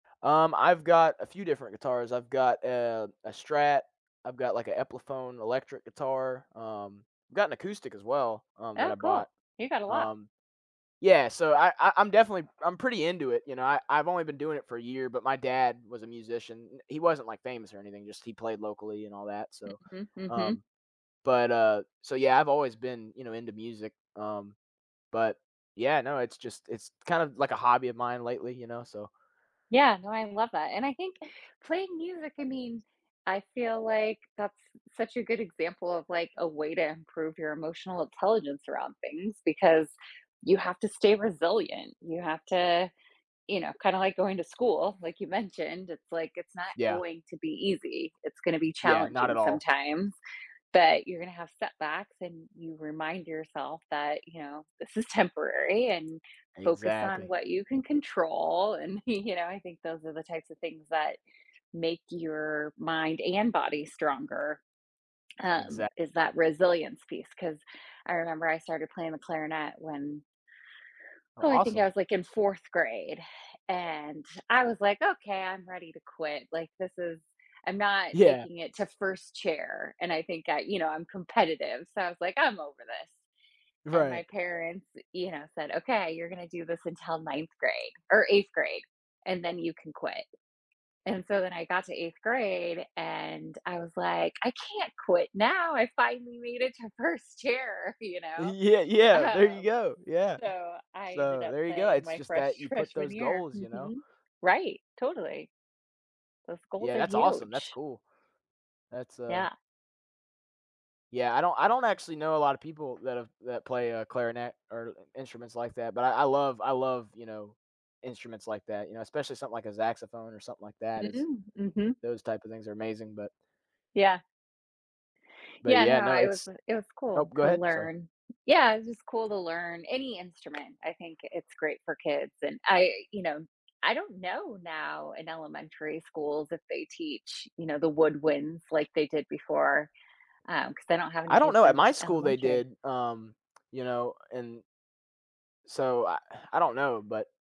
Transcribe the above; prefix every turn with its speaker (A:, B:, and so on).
A: Um, I've got a few different guitars. I've got, uh, a Strat. I've got like an Epiphone electric guitar. Um, I've got an acoustic as well, um, that
B: Oh,
A: I
B: cool.
A: bought,
B: You got a lot.
A: um. Yeah, so I I I'm definitely I'm pretty into it, you know, I I've only been doing it for a year, but my dad was a musician. He wasn't like famous or anything, just he played locally and all that, so,
B: Mhm, mhm.
A: um, but, uh, so yeah, I've always been, you know, into music, um, but yeah, no, it's just, it's kind of like a hobby of mine lately, you know, so
B: Yeah, no, I love that. And I think playing music, I mean, I feel like that's such a good example of, like, a way to improve your emotional intelligence around things because you have to stay resilient. You have to, you know, kinda, like, going to school, like you mentioned, it's like, it's not
A: Yeah.
B: going to be easy. It's gonna be
A: Yeah, not
B: challenging
A: at all.
B: sometimes. But you're gonna have setbacks and you remind yourself that, you know, this is temporary and focus on
A: Exactly.
B: what you can control, and, y you know, I think those are the types of things that make your mind and body stronger, um,
A: Exact
B: is that resilience piece. 'Cause I remember I started playing the clarinet when
A: Oh
B: Oh, I think I
A: awesome.
B: was like in 4th grade. And I was like, "Okay, I'm ready to quit. Like this is I'm not
A: Yeah.
B: making it to 1st chair." And I think I, you know, I'm competitive. So I was like, "I'm over this." And
A: Right.
B: my parents, you know, said, "Okay, you're gonna do this until 9th grade or 8th grade, and then you can quit." And so when I got to 8th grade and I was like, "I can't quit now. I finally made it to 1st chair, you
A: E
B: know."
A: yeah, yeah, there you
B: Um,
A: go. Yeah.
B: so, I ended
A: So
B: up
A: there you go.
B: playing
A: It's
B: my
A: just
B: fresh
A: that you put
B: freshman
A: those
B: year.
A: goals, you know.
B: Mhm. Right, totally. Those goals
A: Yeah,
B: are
A: that's awesome. That's
B: huge.
A: cool. That's, uh
B: Yeah.
A: Yeah, I don't I don't actually know a lot of people that have that play, uh, clarinet or instruments like that, but I I love I love, you know, instruments like that, you know, especially something like a saxophone or something like that is
B: Mm, mhm.
A: those type of things are amazing, but
B: Yeah.
A: But
B: Yeah, no,
A: yeah, no,
B: I was
A: it's
B: it was
A: Oh,
B: cool
A: go
B: to
A: ahead, sorry.
B: learn. Yeah, it's just cool to learn any instrument. I think it's great for kids. And I, you know, I don't know now in elementary schools if they teach, you know, the woodwinds like they did before, um, 'cause I don't have any
A: I don't
B: kids
A: know at
B: in
A: my school, they
B: elementary.
A: did, um, you know, and so I I don't know, but